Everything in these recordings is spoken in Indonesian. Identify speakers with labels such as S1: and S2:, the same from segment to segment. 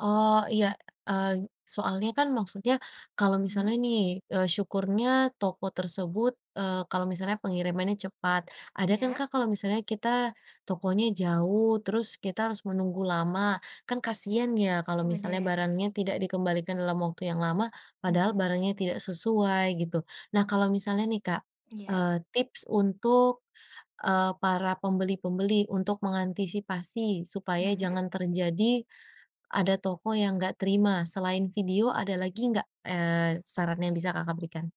S1: Oh, iya, eng soalnya kan maksudnya kalau misalnya
S2: Mhm.
S1: nih, eee, syukurnya toko tersebut, eee, kalau misalnya pengirimannya cepat, ada kan,
S2: Iya.
S1: Kak, kalau misalnya kita tokonya jauh, terus kita harus menunggu lama. Kan kasihan ya kalau
S2: Ih,
S1: misalnya
S2: benar.
S1: barangnya tidak dikembalikan dalam waktu yang lama padahal
S2: Mhm.
S1: barangnya tidak sesuai gitu. Nah, kalau misalnya nih, Kak,
S2: Iya.
S1: eee, tips untuk, eee, para pembeli-pembeli, untuk mengantisipasi supaya
S2: Mhm.
S1: jangan terjadi ada toko yang enggak terima, selain video, ada lagi enggak, eee, saran yang bisa Kakak berikan?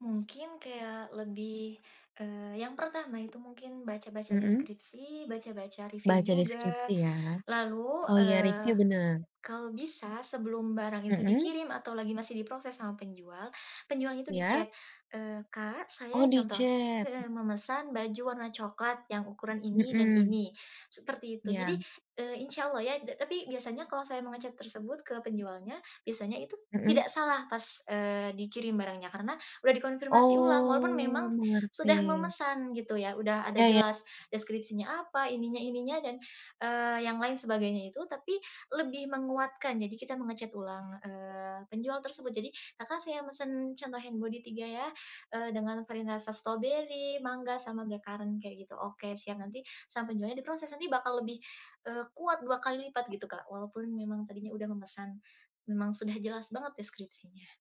S2: Mungkin kayak lebih, eee, yang pertama itu mungkin baca-baca
S1: Mhm.
S2: deskripsi, baca-baca review
S1: Baca
S2: juga.
S1: deskripsi ya?
S2: Lalu,
S1: Oh, iya review,
S2: eee,
S1: benar.
S2: kalau bisa sebelum barang itu
S1: Mhm.
S2: dikirim atau lagi masih diproses sama penjual, penjualnya itu
S1: Iya.
S2: di-chat, eee, "Kak, saya"
S1: Oh,
S2: contoh
S1: di-chat.
S2: heeh, "memesan baju warna coklat yang ukuran ini dan
S1: Mhm.
S2: ini," seperti itu. Jadi,
S1: Iya.
S2: eee, insyaallah ya da tapi biasanya kalau saya menge-chat tersebut ke penjualnya, biasanya itu
S1: Mhm.
S2: tidak salah pas, eee, dikirim barangnya karena udah dikonfirmasi ulang walaupun
S1: Oh,
S2: memang sudah
S1: mengerti.
S2: memesan gitu ya. Udah ada
S1: Iya iya.
S2: jelas deskripsinya apa, ininya ininya dan, eee, yang lain sebagainya itu, tapi lebih menguatkan. Jadi kita menge-chat ulang, eee, penjual tersebut. Jadi, "Kakak, saya mesan," contoh, "hand body 3 ya," eee, "dengan varian rasa stroberi, mangga, sama blackcurrant." Kayak gitu, "Oke siap." Nanti sama penjualnya diproses. Nanti bakal lebih, eee, kuat 2 kali lipat gitu, Kak, walaupun memang tadinya udah memesan, memang sudah jelas banget deskripsinya.